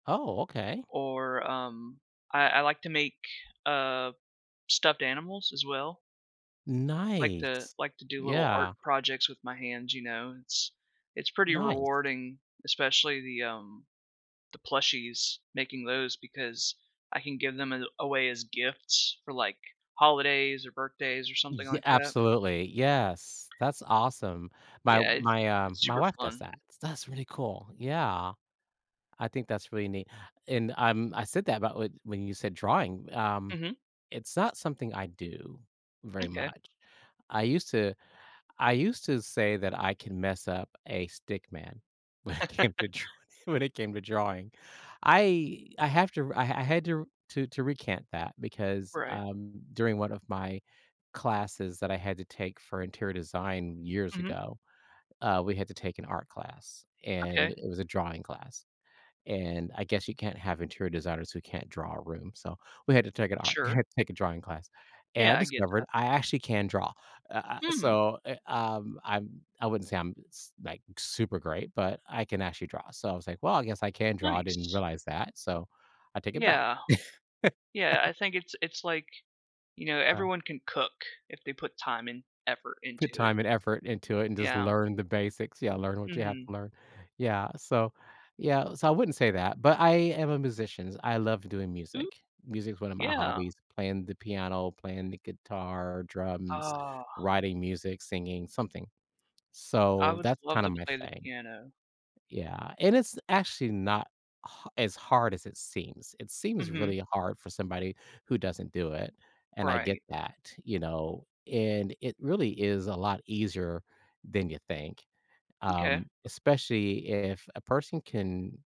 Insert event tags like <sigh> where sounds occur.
Oh, okay. Or, um, I I like to make, uh, stuffed animals as well. Like to Nice, like to do little art yeah. projects with my hands, you know? It's it's pretty Nice. rewarding, especially the, um the plushies, making those, because I can give them a away as gifts for, like, holidays, or birthdays, or something Ye like that. absolutely. Yes, that's awesome. My Yeah, i my, uh it's my super wife does fun. that, so that's really cool, yeah. I think that's really neat, and, um, I said that about when you said drawing, um, Mhm. it's not something I do very Okay. much. I used to I used to say that I can mess up a stick man when it came to <chuckles> dr when it came to drawing. I I have to I I had to to recant that, because, Right. um, during 1 of my classes that I had to take for interior design years Mhm. ago, uh, we had to take an art class, and Okay. it was a drawing class, and I guess you can't have interior designers who can't draw a room, so we had to take an art Sure. <chuckles> take a drawing class, and I Yeah, I get discovered that. I actually can draw, uh, ah, Hmm. so, eh, um, I I wouldn't say I'm, like, super great, but I can actually draw. So I was like, "Well, I guess I can draw. I didn't Nice. realize that, so I take it back." Yeah. Yeah, <laughs> I think it's it's like, you know, Yeah. everyone can cook if they put time and effort Put into it. time and effort into it and just Yeah. learn the basics, yeah, learn what you have Mhm. to learn. Yeah. So, yeah, so I wouldn't say that, but I am a musicians, I love doing Mm music. Music is one of my Yeah. hobbies, playing the piano, playing the guitar, drums, Ah. writing music, singing, something, I so would that's love kinda to my play the thing. piano. Yeah, and it's actually not h as hard as it seems, it seems Mhm. really hard for somebody who doesn't do it, and I get Right. that, you know, and it really is a lot easier than you think, Okay. um, especially if a person can